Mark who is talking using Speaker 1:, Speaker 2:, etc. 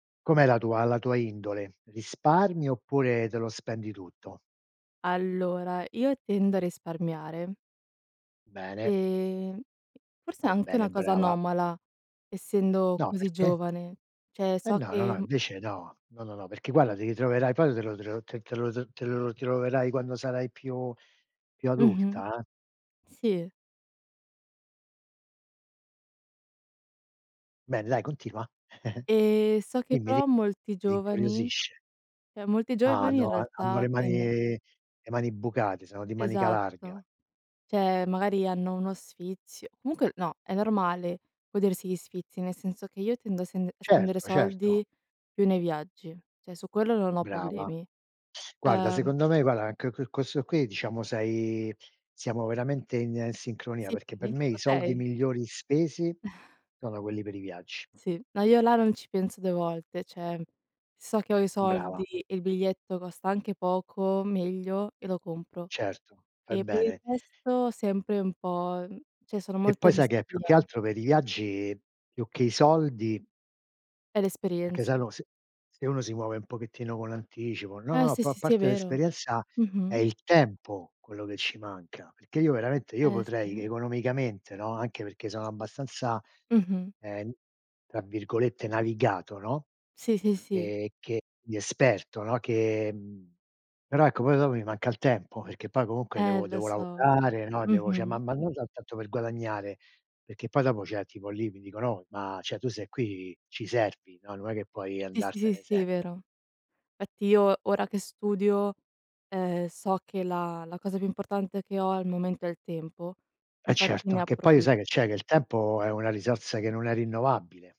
Speaker 1: Com'è la tua la tua indole? Risparmi oppure te lo spendi tutto?
Speaker 2: Allora, io tendo a risparmiare.
Speaker 1: Bene.
Speaker 2: E forse è
Speaker 1: Fai
Speaker 2: anche
Speaker 1: bene,
Speaker 2: una cosa
Speaker 1: brava.
Speaker 2: anomala essendo
Speaker 1: No,
Speaker 2: così
Speaker 1: perché?
Speaker 2: giovane. Cioè,
Speaker 1: Eh
Speaker 2: so
Speaker 1: no, no,
Speaker 2: che,
Speaker 1: no
Speaker 2: mhmm
Speaker 1: invece no, no, no, no, perché, guarda, ti ritroverai poi te lo te lo te te lo te lo troverai quando sarai più più
Speaker 2: Mh-mh.
Speaker 1: adulta eh.
Speaker 2: Sì.
Speaker 1: Bene dai, continua.
Speaker 2: E so che
Speaker 1: Dimmi, di
Speaker 2: però molti
Speaker 1: mi
Speaker 2: giovani
Speaker 1: incuriosisce.
Speaker 2: cioè, molti
Speaker 1: Ah
Speaker 2: giovani in
Speaker 1: no, han hanno
Speaker 2: realtà
Speaker 1: le mani
Speaker 2: tendo
Speaker 1: le mani bucate, sono di manica larga.
Speaker 2: Esatto. Cioè, magari hanno uno sfizio comunque no, è normale godersi gli sfizi, nel senso che io tendo a sen a spendere
Speaker 1: Certo, certo.
Speaker 2: soldi più nei viaggi, cioè, su quello non ho
Speaker 1: Brava.
Speaker 2: problemi.
Speaker 1: Guarda,
Speaker 2: Uhm
Speaker 1: secondo me guarda anche que questo qui, diciamo, sei siamo veramente in sincronia,
Speaker 2: Sì?
Speaker 1: perché per me i soldi
Speaker 2: Okay!
Speaker 1: migliori spesi sono quelli per i viaggi.
Speaker 2: Sì. Ma io là non ci penso 2 volte, cioè, so che ho i
Speaker 1: Brava.
Speaker 2: soldi e il biglietto costa anche poco, meglio e lo compro.
Speaker 1: Certo, fai
Speaker 2: E per il
Speaker 1: bene.
Speaker 2: resto sempre un po' mhmm, cioè, sono
Speaker 1: E poi
Speaker 2: molto
Speaker 1: sai che è, più che
Speaker 2: restia.
Speaker 1: altro per i viaggi, più che i soldi
Speaker 2: È
Speaker 1: Perché se
Speaker 2: l'esperienza.
Speaker 1: no, se se uno si muove un pochettino con anticipo no,
Speaker 2: Eh
Speaker 1: no, a
Speaker 2: sì,
Speaker 1: pa
Speaker 2: sì, sì, è
Speaker 1: parte
Speaker 2: vero.
Speaker 1: l'esperienza, è
Speaker 2: Mh-mh.
Speaker 1: il tempo quello che ci manca. Perché io veramente, io
Speaker 2: Eh
Speaker 1: potrei
Speaker 2: sì.
Speaker 1: economicamente, no, anche perché sono abbastanza,
Speaker 2: Mh-mh.
Speaker 1: ehm, tra virgolette "navigato", no,
Speaker 2: Sì, sì, sì.
Speaker 1: e che di esperto, no, che mhmm, però, ecco, poi dopo mi manca il tempo, perché poi comunque
Speaker 2: Eh
Speaker 1: devo
Speaker 2: lo
Speaker 1: devo
Speaker 2: so.
Speaker 1: lavorare, no, devo cioè, ma
Speaker 2: Mh-mh.
Speaker 1: ma non ta tanto per guadagnare, perché poi dopo, cioè, tipo lì mi dicono: "Oh, ma, cioè, tu sei qui, ci servi, no, non è che puoi
Speaker 2: Sì, sì, sì,
Speaker 1: andartene
Speaker 2: sì. sì,
Speaker 1: sempre".
Speaker 2: vero. Infatti io, ora che studio, ehm, so che la la cosa più importante che ho al momento è il tempo,
Speaker 1: Eh
Speaker 2: infatti
Speaker 1: certo,
Speaker 2: ne
Speaker 1: che poi
Speaker 2: approfi
Speaker 1: sai che c'è? Che il tempo è una risorsa che non è rinnovabile.